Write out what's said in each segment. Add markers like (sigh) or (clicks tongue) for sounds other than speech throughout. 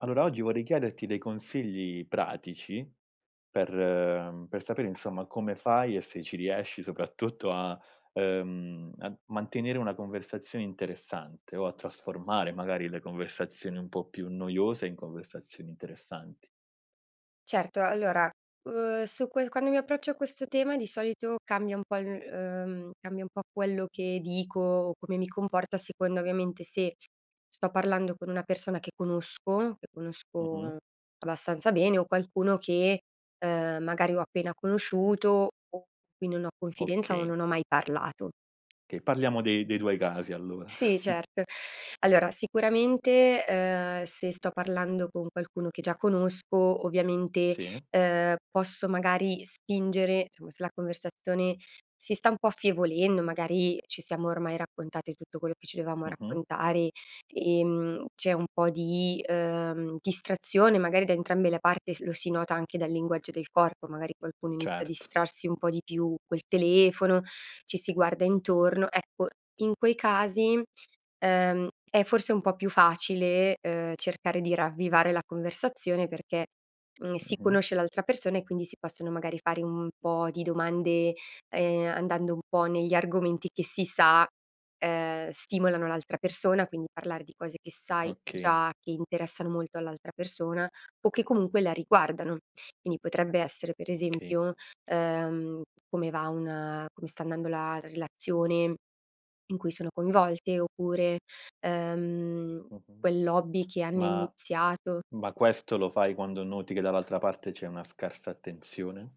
Allora oggi vorrei chiederti dei consigli pratici per per sapere insomma, come fai e se ci riesci soprattutto a, uhm, a mantenere una conversazione interessante o a trasformare magari le conversazioni un po' più noiose in conversazioni interessanti. Certo, allora, uhm, su ques quando mi approccio a questo tema, di solito cambia un po' cambia il uhm, cambia un po' quello che dico, come mi comporto, a seconda ovviamente, se sto parlando con una persona che conosco, che Mh-mh. conosco abbastanza bene o qualcuno che, uhm, magari ho appena conosciuto, o (unintelligible) cui non ho confidenza o Okay. non ho mai parlato. Okay, parliamo dei dei tuoi casi allora. Sì (chuckles) certo, (inhales) allora sicuramente, uhm, se sto parlando con qualcuno che già conosco, ovviamente, Sì. uhm, posso magari spingere, insomma se la conversazione si sta un po' affievolendo, magari ci siamo ormai raccontate tutto quello che ci dovevamo Mh-mh. raccontare, ehm, c'è un po' di, uhm, distrazione magari da entrambe la parte, s lo si nota anche dal linguaggio del corpo, magari qualcuno inizia a Certo. distrarsi un po' di più col telefono, ci si guarda intorno, ecco, in quei casi, uhm, è forse un po' più facile, uhm, cercare di ravvivare la conversazione perché, mhmm, si Mh-mh. conosce l'altra persona, e quindi si possono magari fare un po' di domande, ehm, andando un po' negli argomenti che si sa, ehm, stimolano l'altra persona, quindi parlare di cose che sai Okay. già che interessano molto all'altra persona, o che comunque la riguardano, quindi potrebbe essere per Okay. esempio, uhm, come va un come sta andando la relazione in cui sono coinvolte, oppure, uhm, Mh-mh. quell'hobby che hanno Ma iniziato ma questo lo fai quando noti che dall'altra parte c'è una scarsa attenzione?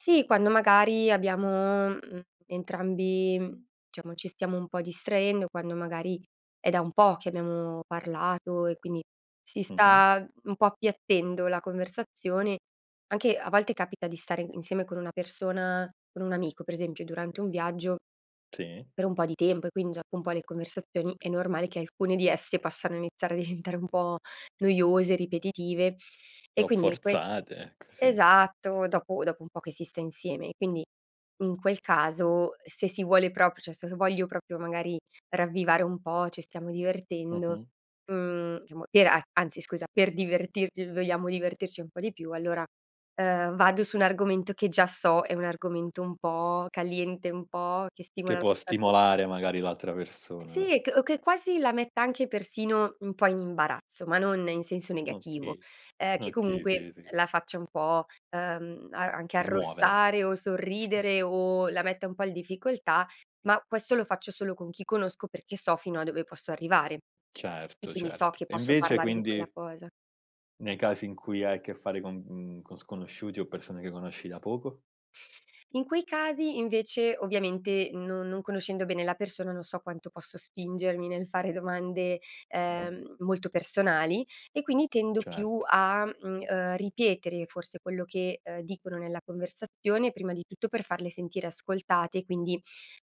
Sì, quando magari abbiamo, mhmm, entrambi, diciamo ci stiamo un po' distraendo, quando magari, è da un po' che abbiamo parlato e quindi, si Mh-mh. sta un po' appiattendo la conversazione, anche a volte capita di stare insieme con una persona, con un amico per esempio durante un viaggio Sì. per un po' di tempo e quindi gia un po' le conversazioni è normale che alcune di esse possano iniziare a diventare un po' noiose, ripetitive, e O quindi in quei forzate ecco, sì. esatto dopo dopo un po' che si sta insieme e quindi, in quel caso se si vuole propr cioè se voglio proprio magari ravvivare un po', ci stiamo divertendo, Mh-mh. mhmm, chiamo per a anzi scusa per divertirci, vogliamo divertirci un po' di più allora, uhm, vado su un argomento che già so è un argomento un po' caliente un po' che Che stimola l'a può ta pers stimolare magari l'altra persona. sì c o che quasi la metta anche persino un po' in imbarazzo, ma non in senso negativo, Okay, ehm, che okay, comunque sì, sì. la faccia un po', uhm, a anche Smuovere. arrossare o sorridere (chuckles) o la metta un po' il difficoltà, ma questo lo faccio solo con chi conosco, perché so fino a dove posso arrivare, e Certo, quindi so certo che e posso invece parlare di quella quindi cosa. nei casi in cui hai a che fare con, mhmm, con sconosciuti o persone che conosci da poco? In quei casi invece, ovviamente, no non conoscendo bene la persona, non so quanto posso spingermi nel fare domande, Mh-mh. ehm, molto personali e quindi tendo più Certo. a, mhmm, uhm, ripetere forse quello che, uhm, dicono nella conversazione, prima di tutto per farle sentire ascoltate, quindi,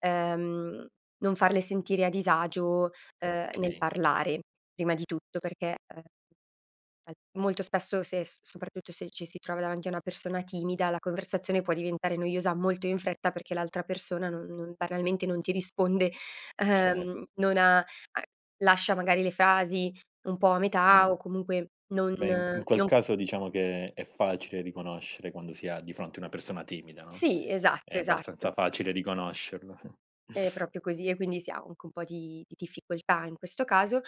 uhm, non farle sentire a disagio, uhm, nel Okay. parlare, prima di tutto perché, uhm al molto spesso se s soprattutto se ci si trova davanti a una persona timida la conversazione può diventare noiosa molto in fretta perché l'altra persona non non banalmente non ti risponde, (inhales) Cer uhm, non ha a lascia magari le frasi un po' a metà Mh. o comunque non Beh in in quel no caso diciamo che, è facile riconoscere quando si ha di fronte una persona timida, no. Sì, È esatto, esatto. abbastanza facile riconoscerlo. (chuckles) È proprio così e quindi sì ha anche un po' di di difficoltà in questo caso,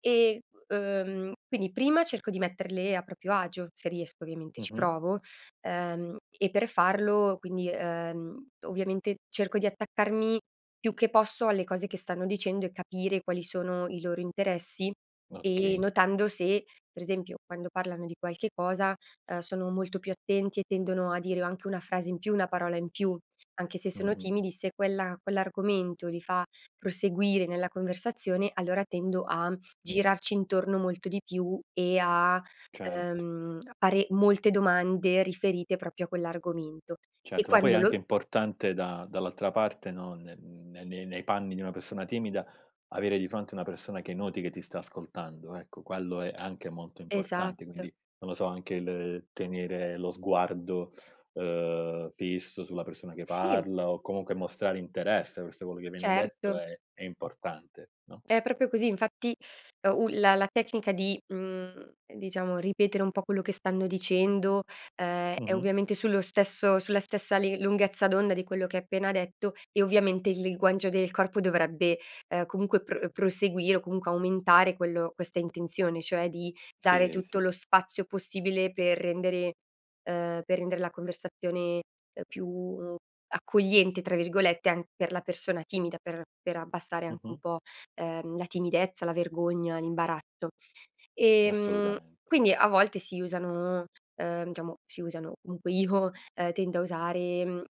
ehm, uhm, quindi prima cerco di metterle a proprio agio, se riesco ovviamente, ci Mh-mh. provo, uhm, e per farlo quindi, uhm, ovviamente cerco di attaccarmi più che posso alle cose che stanno dicendo e capire quali sono i loro interessi, e Okay. notando se, per esempio, quando parlano di qualche cosa, uhm, sono molto più attenti e tendono a dire o anche una frase in più, una parola in più, anche se sono Mh-mh. timidi se quella quell'argomento li fa proseguire nella conversazione, allora tendo a Mh. girarci intorno molto di più e a, Certo. uhm, pare molte domande riferite proprio a quell'argomento e Certo, ma poi è quando lo anche importante da dall'altra parte no, ne n nei nei panni di una persona timida, avere di fronte una persona che noti che ti sta ascoltando ecco, quello è anche molto importante Esatto. quindi, non lo so, anche il tenere lo sguardo, uhm, fisso sulla persona che Si. parla o comunque mostrare interesse verso quello che viene detto Certo. è è importante no? È proprio così, infatti, u la la tecnica di, mhmm, diciamo ripetere un po' quello che stanno dicendo, ehm, è Mh-mh. ovviamente sullo stesso sulla stessa li lunghezza d'onda di quello che ha appena detto, e ovviamente il linguaggio del corpo dovrebbe, uhm, comunque pro proseguire, o comunque aumentare quello questa intenzione, cioè di dare Sì, tutto sì. lo spazio possibile per rendere, uhm, per rendere la conversazione più "accogliente" tra virgolette, anc per la persona timida, per per abbassare anche un Mh-mh. po', ehm, la timidezza, la vergogna, l'imbarazzo. Ehm, Assolutamente. quindi a volte si usano, uhm, diciamo si usano, comunque io, uhm, tendo a usare, mhmm, uhm,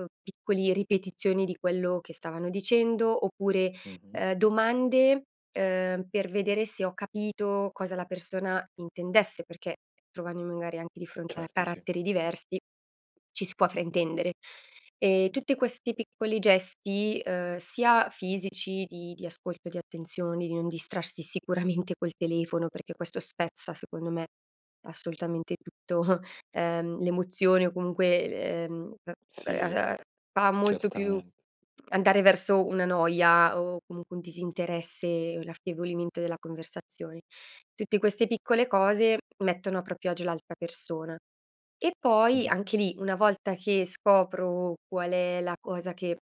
uhm, piccoli ripetizioni di quello che stavano dicendo oppure, Mh-mh. ehm, domande, ehm, per vedere se ho capito cosa la persona intendesse perché, trovandomi magari anche di fronte a Certo, sì. caratteri diversi, ci si può fraintendere. Ehm, tutte questi piccoli gesti, uhm, sia fisici, di di ascolto, di attenzioni, di non distrarsi sicuramente col telefono, perché questo spezza secondo me assolutamente tutto, (chuckles) uhm, l'emozione o comunque, l ehm, uhm, Sì, (unintelligible) fa molto più certamente. andare verso una noia o comunque un disinteresse, l'affievolimento della conversazione; tutte queste piccole cose, mettono a proprio agio l'altra persona. E poi Mh-mh. anche lì, una volta che scopro, qual è la cosa che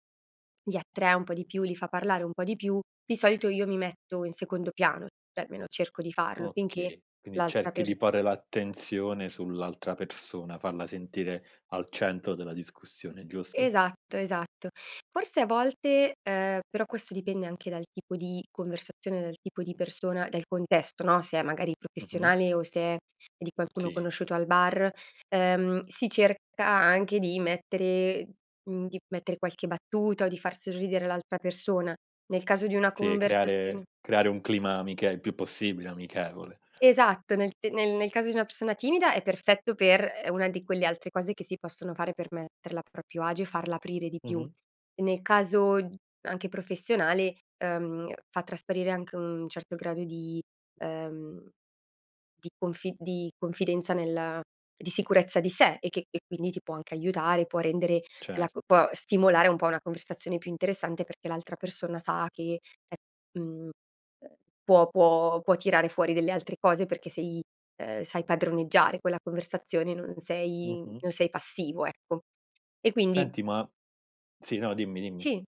li attrae un po' di più, li fa parlare un po' di più, di solito io mi metto in secondo piano, cioè almeno cerco di farlo finché Okay, quindi l'altra cerchi per di porre l'attenzione sull'altra persona, farla sentire al centro della discussione giusto? Esatto, esatto, forse a volte, uhm, però questo dipende anche dal tipo di conversazione, dal tipo di persona, del contesto, no, se è magari Mh-mh. professionale o se è di qualcuno Sì. conosciuto al bar, uhm, si cerca anche di mettere, mhmm, di mettere qualche battuta o di far sorridere l'altra persona, nel caso di una Sì, conversazione... creare creare un clima amiche il più possibile amichevole. Esatto, nel te nel nel caso di una persona timida è perfetto per, ehm, è una di quelle altre cose che si possono fare per metterla a proprio agio e farla aprire di più. Mh-mh. E nel caso, anche professionale, uhm, fa trasparire anche un certo grado di, ehm, di confi di confidenza nel di sicurezza di sé e che e quindi ti può anche aiutare, può rendere la c Certo. può stimolare un po' una conversazione più interessante, perché l'altra persona sa che è mhmm, uhm, può può può tirare fuori delle altre cose, perché sei, uhm, sai padroneggiare quella conversazione, non sei Mh-mh. non sei passivo ecco e quindi Senti ma sì, no, dimmi, dimmi. sì,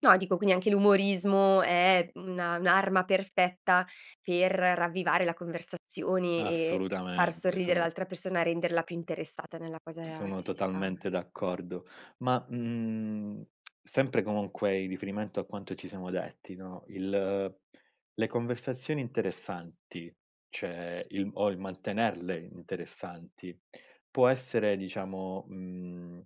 no dico, quindi anche l'umorismo è una un'arma perfetta per ravvivare la conversazione e far Assolutamente, sorridere sono l'altra persona, renderla più interessata nella cosa sono che si sta totalmente d'accordo! Ma, mhmm, (smacks lips) sempre comunque in riferimento a quanto ci siamo detti, no, il le conversazioni interessanti, cioè il o il mantenerle interessanti, può essere diciamo, mhmm,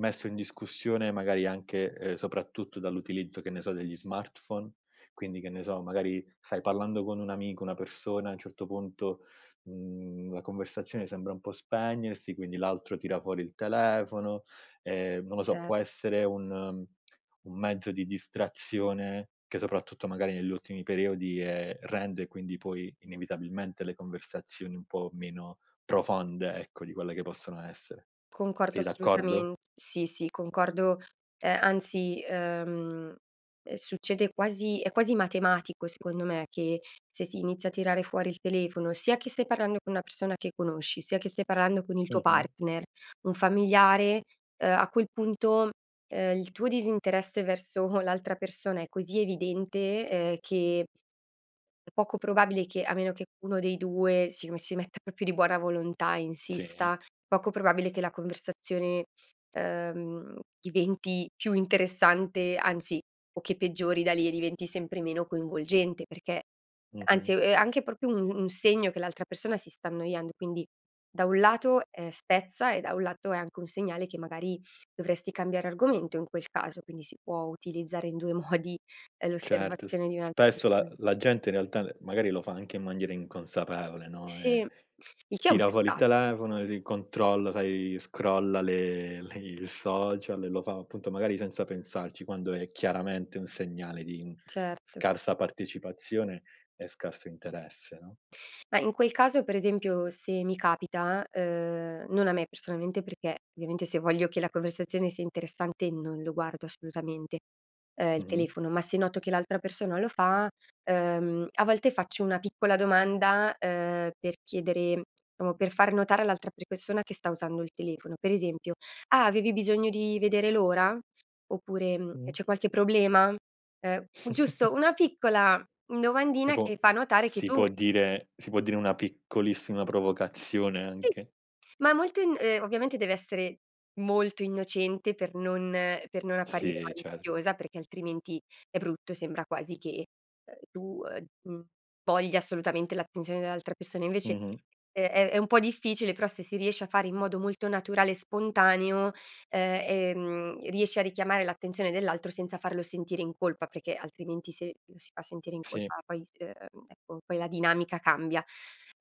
messo in discussione magari anche, uhm, soprattutto dall'utilizzo che ne so, degli smartphone? Quindi, che ne so, magari stai parlando con un amico, una persona a un certo punto, mhmm, la conversazione sembra un po' spegnersi, quindi l'altro tira fuori il telefono, ehm, non lo so, Cer può essere un (clicks tongue) un mezzo di distrazione, che soprattutto magari negli ultimi periodi, ehm, rende quindi poi inevitabilmente le conversazioni un po' meno profonde ecco, di quelle che possono essere. Concordo Sei d'accordo? assolutamen sì, sì concordo, ehm, anzi, uhm, ehm succede quasi è quasi matematico secondo me, che se si inizia a tirare fuori il telefono, sia che stai parlando con una persona che conosci, sia che stai parlando con il tuo Mh-mh. partner, un familiare, uhm, a quel punto, uhm, il tuo disinteresse verso l'altra persona è cosi evidente, ehm, che è poco probabile che a meno che uno dei due si me si metta proprio di buona volontà, Sì. insista, poco probabile che la conversazione, ehm, mhmm, diventi più interessante, anzi, o che peggiori da lì e diventi sempre meno coinvolgente perché, Mh-mh. anzi ehm, è anche proprio un un segno che l'altra persona si sta annoiando, e quindi da un lato, ehm, spezza e da un lato, è anche un segnale che magari, dovresti cambiare argomento in quel caso, quindi si può utilizzare in due modi, ehm, Certo, s l'osservazione di un'alt spesso la persona. la gente in realtà ne magari lo fa anche in maniera inconsapevole, no. Sì, Eh, il che è un tira fuori il peccat telefono e s controlla, sai scrolla le le il social e lo fa appunto, magari senza pensarci, quando è chiaramente un segnale di Certo. scarsa partecipazione e scarso interesse, no? Mah, in quel caso per esempio se mi capita, uhm, non a me personalmente perché, ovviamente, se voglio che la conversazione sia interessante non lo guardo assolutamente, uhm, il Mh-mh. telefono, ma se noto che l'altra persona lo fa, uhm, a volte faccio una piccola domanda, uhm, per chiedere diciamo per far notare all'altra pre persona che sta usando il telefono, per esempio: "Ah avevi bisogno di vedere l'ora?" oppure, mhmm: Mh. "C'è qualche problema?" uhm, giusto (chuckles) una piccola domandina Tipo che fa s capire che si può tu dire si può dire una piccolissima provocazione Sì, anche? ma molto in ehm, ovviamente deve essere molto innocente, per non per non apparire Sì, certo. maliziosa, perché altrimenti è brutto, sembra quasi che, uhm, tu, uhm, mhmm, voglia assolutamente l'attenzione dell'altra persona invece, Mh-mh. è è è un po' difficile però se si riesce a fare in modo molto naturale e spontaneo, uhm, ehm, riesce a richiamare l'attenzione dell'altro senza farlo sentire in colpa, perché, altrimenti se lo si fa sentire in Sì. colpa poi s uhm, ecco poi la dinamica cambia.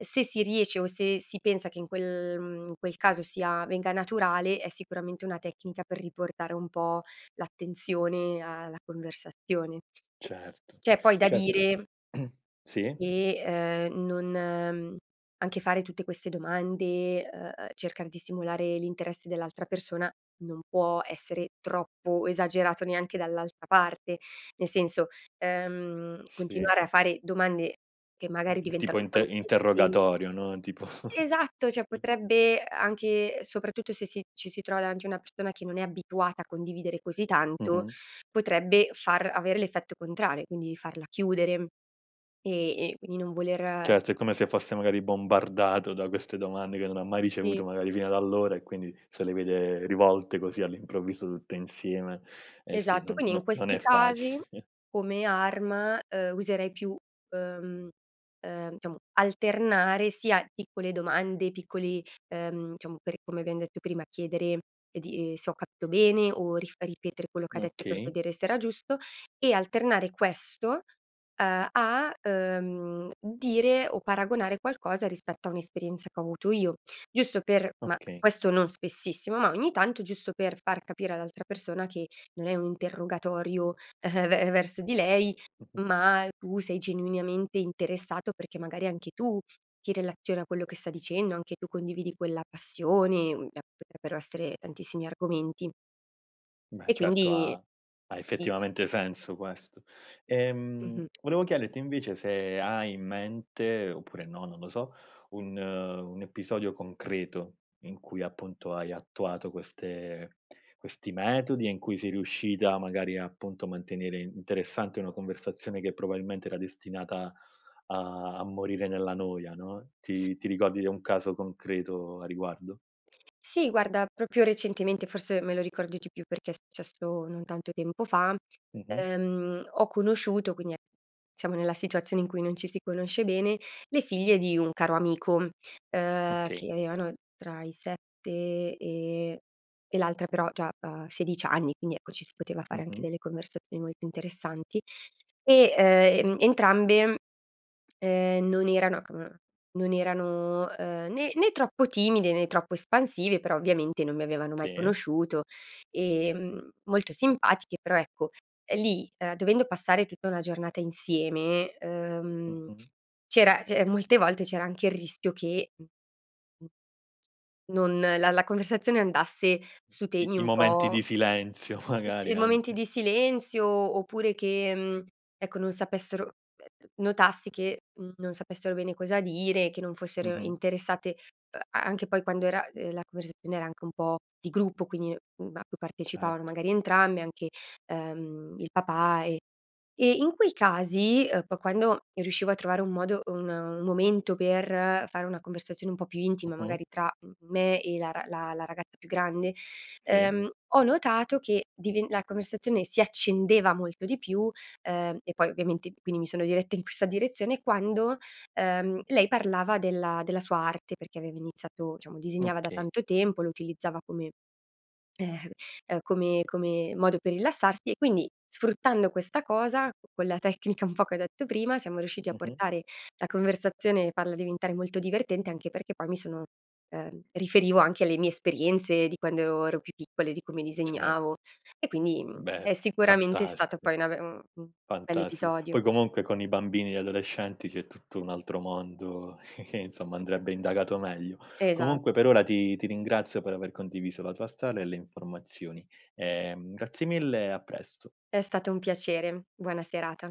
Se si riesce o se si pensa che in quel, mhmm, in quel caso sia venga naturale, è sicuramente una tecnica per riportare un po' l'attenzione a la conversazione. Certo, C'è poi da certo, dire (clears throat) sì. che, uhm, non, uhm, anche fare tutte queste domande, uhm, uhm, cercar di simulare l'interesse dell'altra persona, non può essere troppo esagerato neanche dall'altra parte, nel senso, uhm, Sì. continuare a fare domande che magari Eh, c tipo diventano un po' inte insisten interrogatorio, no. Tipo Esatto! Cioè (giggles) potrebbe anche, soprattutto, se si ci si trova davanti una persona che non è abituata a condividere così tanto, Mh-mh. potrebbe far avere l'effetto contrario, quindi farla chiudere, e e quindi non voler Certo, è come se fosse magari bombardato da queste domande che non ha mai Sì. ricevuto magari fino ad allora, e quindi se le vede rivolte, così all'improvviso, tutte insieme, eh sì, Esatto, non quindi in no non questi è facile. casi (chuckles) come arma, uhm, userei più, uhm, uhm, diciamo alternare sia piccole domande, piccoli, uhm, diciamo per come abbiam detto prima, chiedere di ehm, se ho capito bene, o rif ripetere quello che ha detto per Okay. vedere se era giusto, e alternare questo, uhm a, uhm, dire o paragonare qualcosa rispetto a un'esperienza che ho avuto io, giusto per ma Okay. questo non spessissimo, ma ogni tanto, giusto per far capire all'altra persona che, non è un interrogatorio (chuckles) ve verso di lei, Mh-mh. ma tu sei genuinamente interessato perché magari anche tu ti relazioni a quello che sta dicendo, anche tu condividi quella passione, mhmm, a (unintelligible) potrebbero essere tantissimi argomenti. Beh E certo, quindi, ha ha ti effettivamente senso queso. Ehm, Mh-mh. volevo chiederti invece se hai in mente oppure no, non lo so, un un episodio concreto in cui appunto, hai attuato queste questi metodi e in cui sei riuscita magari appunto, a mantenere interessante una conversazione che, probabilmente, era destinata a a morire nella noia, no. Ti ti ricordi di un caso concreto a riguardo? Sì guarda, proprio recentemente, forse me lo ricordo di più perché è successo non tanto tempo fa, Mh-mh. ehm, ho conosciuto, quindi e siamo nella situazione in cui non ci si conosce bene, le figlie di un caro amico, uhm, Okay. che avevano tra i 7 e e l'altra però già ha 16 anni quindi ecco, ci si poteva fare anche Mh-mh. delle conversazioni molto interessanti. E, ehm, e entrambe, uhm, non erano (unintelligible) non erano, uhm, né né troppo timide, né troppo espansive, però ovviamente non mi avevano mai Sì. conosciuto, ehm, molto simpatiche però ecco, lì, uhm, dovendo passare tutta una giornata insieme, uhm, Mh-mh. c'era che molte volte c'era anche il rischio che non la la conversazione andasse su I temi i un momenti po' di silenzio s magari e momenti anche. di silenzio, oppure che, mhmm, ecco non sapessero ehm, ehm, notassi che, mhmm, non sapessero bene cosa dire, che non fossero Mh-mh. interessate a anche poi quando era uhm, de la conversazione era anche un po' di gruppo, quindi a cui partecipavano Certo. magari entrambe anche, ehm, il papà e e in quei casi, uhm, po quando riuscivo a trovare un modo un un momento per fare una conversazione un po' più intima, Mh-mh. magari tra me e la r la ragazza più grande, Sì. uhm, ho notato che diven la conversazione si accendeva molto di più, uhm, e poi ovviamente quindi mi sono diretta in questa direzione, quando, uhm, lei parlava della della sua arte, perché aveva iniziato, diciamo disegnava da Okay. tanto tempo, lo utilizzava come (sighs) come come modo per rilassarsi, e quindi, sfruttando questa cosa con la tecnica un po' che ho detto prima, siamo riusciti a Mh-mh. portare la conversazione, farla diventare molto divertente, anche perché poi mi sono, uhm, riferivo anche alle mie esperienze, di quando ero più piccole, di come Cer disegnavo e quindi, mhmm, Beh, è sicuramente stata fantastico. poi una be un mhmm, Fantastico, bell'episodio. poi comunque con i bambini, gli adolescenti c'è tutto un altro mondo (chuckles) insomma andrebbe indagato meglio, comunque per Esatto. ora ti ti ringrazio per aver condiviso la tua strada e le informazioni, ehm, grazie mille e a presto. È stato un piacere, buona serata.